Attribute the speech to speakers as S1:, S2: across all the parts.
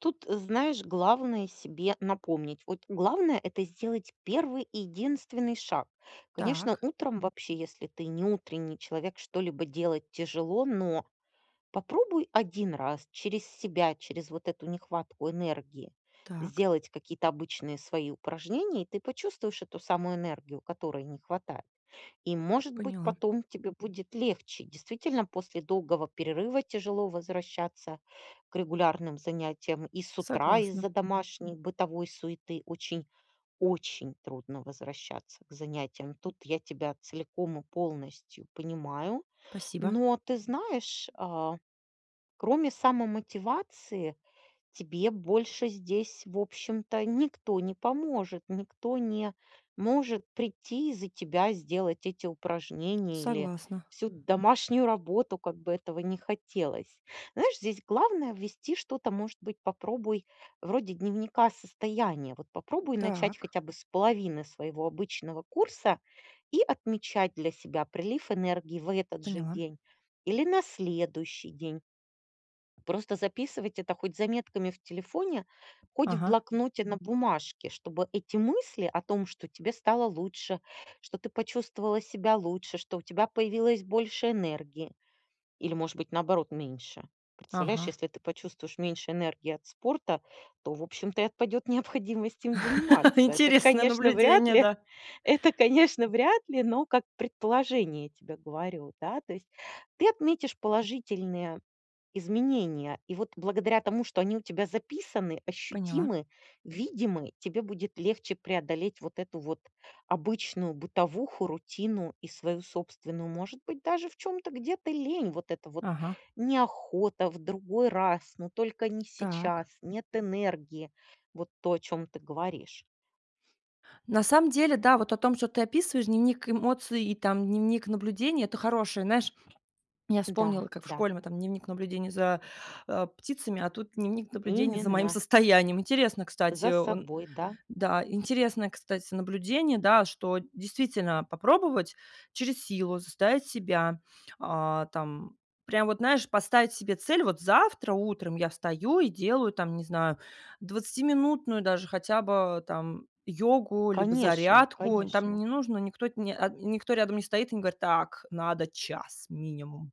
S1: Тут, знаешь, главное- себе напомнить, вот главное- это сделать первый единственный шаг. Конечно,
S2: Так.
S1: утром вообще, если ты не утренний человек, что-либо делать тяжело, но попробуй 1 раз через себя, через вот эту нехватку энергии
S2: Так.
S1: сделать какие-то обычные свои упражнения, ты почувствуешь эту самую энергию, которой не хватает. И, может быть,
S2: Поняла.
S1: потом тебе будет легче, действительно, после долгого перерыва тяжело возвращаться к регулярным занятиям, и с утра
S2: Согласна.
S1: из-за домашней бытовой суеты очень очень трудно возвращаться к занятиям. Тут я тебя целиком и полностью понимаю,
S2: Спасибо.
S1: но, ты знаешь, э, кроме самомотивации тебе больше здесь, в общем-то, никто не поможет. Никто не может прийти и за тебя сделать эти упражнения или
S2: Согласна.
S1: всю домашнюю работу, как бы этого ни хотелось. Знаешь, здесь главное- ввести что-то, может быть, попробуй вроде дневника состояния, вот попробуй начать
S2: Так.
S1: хотя бы с половины своего обычного курса и отмечать для себя прилив энергии в этот же
S2: Поняла.
S1: день или на следующий день. Просто записывать это хоть заметками в телефоне, хоть в
S2: Ага.
S1: блокноте на бумажке, чтобы эти мысли о том, что тебе стало лучше, что ты почувствовала себя лучше. Что у тебя появилось больше энергии или, может быть, наоборот, меньше. Представляешь,
S2: Ага.
S1: если ты почувствуешь меньше энергии от спорта, то, в общем-то, и отпадет необходимость им заниматься. Это,
S2: Интересное
S1: конечно, вряд
S2: наблюдение,
S1: ли,
S2: да!
S1: это, конечно, вряд ли, но как предположение тебе говорю, да. То есть ты отметишь положительные изменения, и вот благодаря тому, что они у тебя записаны,
S2: Поняла.
S1: ощутимы, видимы,- тебе будет легче преодолеть вот эту вот обычную бытовуху, рутину и свою собственную, может быть, даже в чём-то где-то лень. Вот это вот
S2: Ага.
S1: "неохота", "в другой раз", "но только не
S2: Так.
S1: сейчас", "нет энергии". Вот то, о чём ты говоришь.
S2: На самом деле, да, вот о том, что ты описываешь, дневник эмоций и там, дневник наблюдений- это хорошее, знаешь. Я
S1: Да
S2: вспомнила, как в
S1: да.
S2: школе мы там дневник наблюдения за, э, птицами, а тут дневник наблюдений за моим
S1: Именно.
S2: состоянием. Интересно, кстати.
S1: За
S2: О он
S1: собой, да.
S2: да, интересное, кстати, наблюдение, да, что действительно попробовать через силу заставить себя, о, там, прям вот, знаешь, поставить себе цель: "Вот завтра утром я встаю и делаю там, не знаю, двадцатиминутную даже хотя бы там йогу, либо
S1: Конечно
S2: зарядку". Там
S1: конечно!
S2: не нужно, никто, э, никто рядом не стоит и не говорит: "Так, надо час минимум".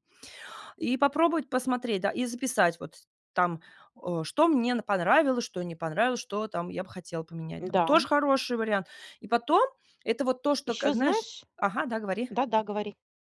S2: И попробовать посмотреть, да, и записать вот там, о, что мне понравилось, что не понравилось, что там я бы хотела поменять там.
S1: Да.
S2: Тоже хороший вариант. И потом это вот то, что, как
S1: Ещё
S2: знаешь
S1: знаешь
S2: ага, да, говори.
S1: Да-да, говори.